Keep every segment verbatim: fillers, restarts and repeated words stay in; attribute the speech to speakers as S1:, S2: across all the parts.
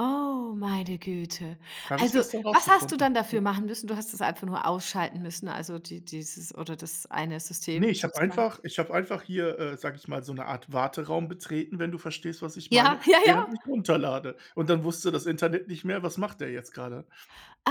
S1: Oh, meine Güte.
S2: Habe ich
S1: Also,
S2: gestern
S1: was hast du
S2: rausgefunden,
S1: dann
S2: ja.
S1: dafür machen müssen? Du hast das einfach nur ausschalten müssen, also die dieses oder das eine
S2: Ne,
S1: System
S2: ich habe
S1: sozusagen.
S2: einfach ich habe einfach hier, äh, sage ich mal, so 'ne Art Warteraum betreten, wenn du verstehst was ich meine,
S1: Ja, ja,
S2: während
S1: ja.
S2: ich runterlade. Und dann wusste das Internet nicht mehr, was macht der jetzt gerade?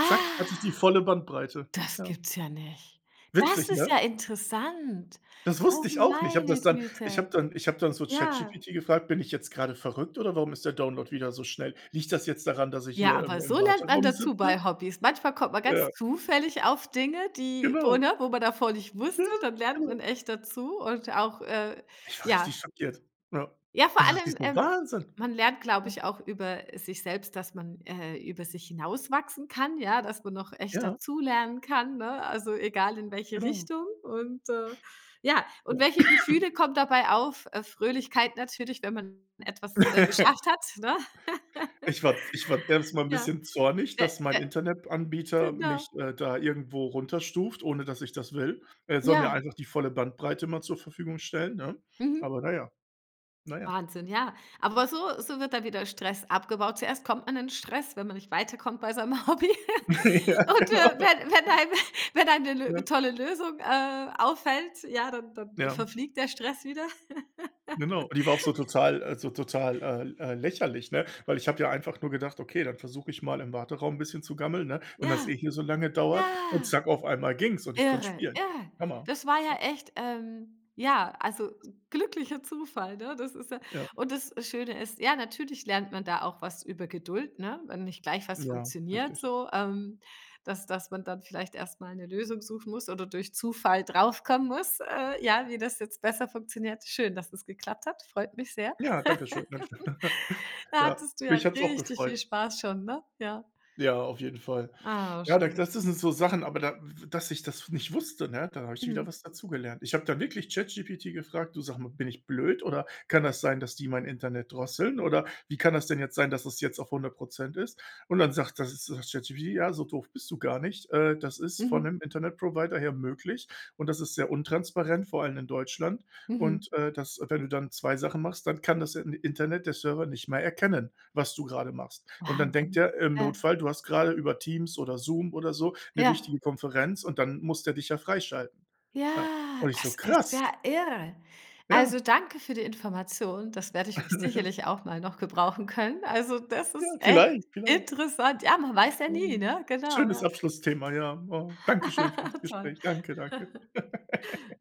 S2: Zack, hatte ich die volle Bandbreite,
S1: das
S2: ja.
S1: gibt's ja nicht. Das
S2: Witzig,
S1: ist ja
S2: ne?
S1: interessant.
S2: Das
S1: Oh,
S2: wusste ich auch nicht. Habe
S1: meine
S2: das dann ich
S1: Güte.
S2: habe dann ich habe dann so
S1: Ja.
S2: ChatGPT gefragt: „Bin ich jetzt gerade verrückt oder warum ist der Download wieder so schnell? Liegt das jetzt daran, dass ich
S1: Ja,
S2: hier im
S1: aber
S2: im
S1: so lernt man
S2: Warteraum
S1: dazu
S2: sitze?“
S1: bei Hobbys. Manchmal kommt man ganz
S2: Ja.
S1: zufällig auf Dinge, die, wo
S2: Genau.
S1: ne? Wo man davor nicht
S2: Ja,
S1: wusste, dann lernt
S2: genau.
S1: man echt dazu und auch, äh,
S2: Ich war
S1: ja.
S2: richtig schockiert, ja.
S1: Ja, vor
S2: Da dachte ich
S1: allem,
S2: so:
S1: ähm,
S2: „Wahnsinn“,
S1: man lernt, glaube
S2: ja.
S1: ich auch über, äh, sich selbst, dass man, äh, über sich hinauswachsen kann, ja, dass man noch echt
S2: Ja.
S1: dazulernen kann, ne? Also, egal in welche
S2: Genau.
S1: Richtung. Und, äh, ja und
S2: Ja.
S1: welche Gefühle kommen dabei auf? Äh, Fröhlichkeit natürlich, wenn man etwas, äh, geschafft hat, ne?
S2: Ich war ich war erst mal 'n
S1: Ja,
S2: bisschen zornig,
S1: äh
S2: dass mein
S1: äh
S2: Internetanbieter
S1: genau.
S2: mich, äh, da irgendwo runterstuft, ohne dass ich das will. Er soll mir
S1: Ja.
S2: einfach die volle Bandbreite immer zur Verfügung stellen, ne?
S1: Mhm.
S2: Aber na ja, na ja.
S1: Wahnsinn, ja. Aber so so wird dann wieder Stress abgebaut. Zuerst kommt man in Stress, wenn man nicht weiterkommt bei seinem Hobby.
S2: Ja,
S1: Und, äh,
S2: genau.
S1: wenn wenn einem [unintelligible] wenn einem 'ne
S2: Ja.
S1: 'ne tolle Lösung, äh, auffällt, ja, dann dann
S2: Ja.
S1: verfliegt der Stress wieder.
S2: Genau, die war auch so total äh, so total äh äh, lächerlich, ne? Weil ich habe ja einfach nur gedacht: „Okay, dann versuche ich mal im Warteraum 'n bisschen zu gammeln, ne? Wenn das eh
S1: Ja,
S2: hier so lange dauert und
S1: ja.
S2: zack auf einmal ging's und ich konnte
S1: Irre,
S2: spielen.“
S1: irre.
S2: Hammer,
S1: Das war ja
S2: ja.
S1: echt, ähm, ja, also s glücklicher Zufall, ne? Das ist ja
S2: Ja.
S1: nnd das Schöne ist, ja, natürlich lernt man da auch was über Geduld, ne? Wenn nicht gleich was
S2: Ja,
S1: funktioniert
S2: richtig.
S1: so, ähm, dass dass man dann vielleicht erst mal 'ne Lösung suchen muss oder durch Zufall draufkommen muss, äh, ja, wie das jetzt besser funktioniert. Schön, dass es geklappt hat, freut mich sehr.
S2: Ja, danke schön, danke schön.
S1: Da
S2: Ja,
S1: hattest du ja
S2: mich hat's auch
S1: richtig viel
S2: gefreut.
S1: Spaß schon, ne? Ja.
S2: Ja, auf jeden Fall.
S1: Ah,
S2: Ja, denke
S1: schön.
S2: das sind so Sachen, aber da, w w dass ich das nicht wusste, ne? Da habe ich wieder
S1: Mhm.
S2: was dazugelernt. Ich habe dann wirklich ChatGPT gefragt: „Du sag mal, bin ich blöd? Oder kann das sein, dass die mein Internet drosseln? Oder wie kann das denn jetzt sein, dass das jetzt auf hundert Prozent ist?“ Und dann sagt, das ist ChatGPT: „Ja, so doof bist du gar nicht, äh, das ist von
S1: Mhm.
S2: 'nem Internetprovider her möglich und das ist sehr untransparent, vor allem in Deutschland.
S1: Mhm.
S2: Und, äh, das wenn du dann zwei Sachen machst, dann kann das, äh, Internet, der Server nicht mehr erkennen, was du gerade machst. Und dann denkt
S1: Wahnsinn.
S2: der, im
S1: Ja.
S2: Notfall, du hast gerade über Teams oder Zoom oder so 'ne
S1: Ja.
S2: wichtige Konferenz und dann muss der dich ja freischalten.“ Ja.
S1: Ja,
S2: Und ich so:
S1: das ist
S2: „Krass.“
S1: ja irre. Also,
S2: Ja.
S1: danke für die Information. Das werde ich sicherlich auch mal noch gebrauchen können. Also, das
S2: Ja,
S1: ist echt
S2: vielleicht, vielleicht.
S1: interessant. Ja, man weiß ja nie,
S2: Ah,
S1: ne? Genau,
S2: schönes
S1: ja.
S2: Abschlussthema, ja, oh. Danke schön für das
S1: Toll.
S2: Gespräch. Danke, danke.